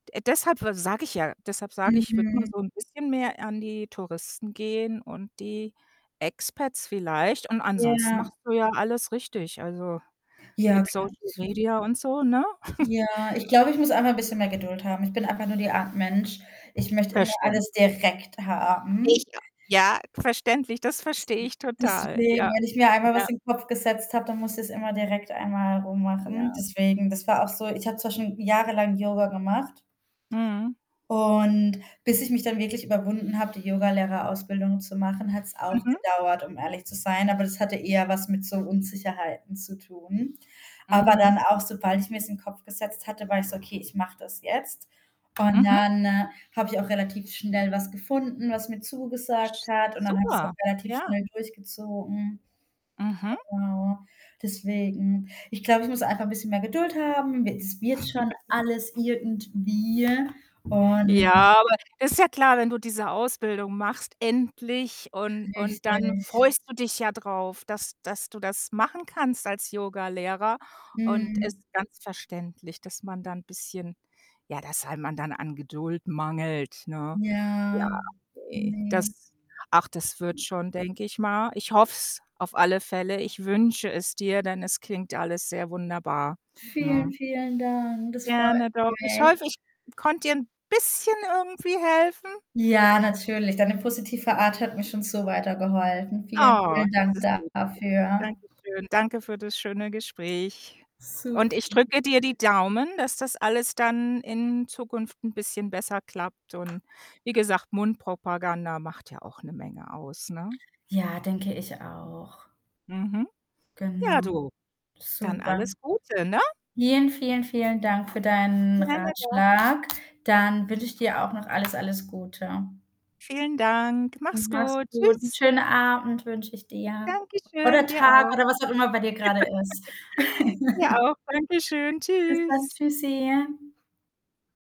De äh, deshalb we sage ich ja deshalb sage ich, ich würde mal Mhm. so 'n bisschen mehr an die Touristen gehen und die Expats vielleicht und ansonsten Ja. machst du ja alles richtig, also, Ja, mit klar, Social zuv Media und so, ne? Ja, ich glaube, ich muss einfach 'n bisschen mehr Geduld haben. Ich bin einfach nur die Art Mensch, ich möchte immer Verständlich. alles direkt Ich haben. a ja, verständlich, das verstehe ich [unintelligible] total. deswegen, Ja. wenn ich mir einmal Ja. was in Kopf gesetzt habe, dann muss ich's immer direkt einmal rummachen. Ja. Deswegen, das war auch so, ich habe zum Beispiel, hm, jahrelang Yoga gemacht Mhm. und bis ich mich dann wirklich überwunden habe, die Yogalehrerausbildung zu machen, hat's auch Mhm. gedauert, um ehrlich zu sein. Aber das hatte eher was mit so Unsicherheiten zu tun. Aber Mhm. dann auch, sobald ich mir's in Kopf gesetzt hatte, war ich so: „Okay, ich mache das jetzt.“ Und Mhm. dann, äh, habe ich auch relativ schnell was gefunden, was mir zugesagt Sch hat und dann habe ich's super, auch relativ ja. schnell durchgezogen. Mhm. Genau deswegen. Ich glaube, ich muss einfach 'n bisschen mehr Geduld haben. We das wird schon alles irgendwie und Ja, aber das ist ja klar, wenn du diese Ausbildung machst endlich und und dann Richtig. freust du dich ja drauf, dass dass du das machen kannst als Yogalehrer und ist Mhm. ganz verständlich, dass man da 'n bisschen ja, dass einem dann an Geduld mangelt, ne? Ja. Ja, okay. Ne. Das ach, das wird schon, denke ich mal. Ich hoffe es auf alle Fälle. Ich wünsche es dir, denn es klingt alles sehr wunderbar, Vielen, ne? vielen Dank. Das freut Gerne, doch. Ich mich. hoffe, ich konnte dir 'n bisschen irgendwie helfen. Ja, natürlich. Deine positive Art hat mir schon so weitergeholfen. Vielen, Oh, vielen das Dank ist lieb von dafür. danke schön. Danke für das schöne Gespräch und Super. ich drücke dir die Daumen, dass das alles dann in Zukunft 'n bisschen besser klappt und wie gesagt, Mundpropaganda macht ja auch 'ne Menge aus, ne? Ja, denke ich auch. Mhm. Genau. Ja, du, dann Super. alles Gute, ne? Vielen, vielen, vielen Dank für deinen Gerne doch. Ratschlag. Dann wünsche ich dir auch noch alles, alles Gute. Vielen Dank. Und Mach's mach's gut. gut. 'N Tschüss. schönen Abend wünsche ich dir. Danke schön, Oder dir Tag auch. oder was auch immer bei dir grade ist. Dir auch. Dankeschön, Bis dann. tschüss. Tschüssi.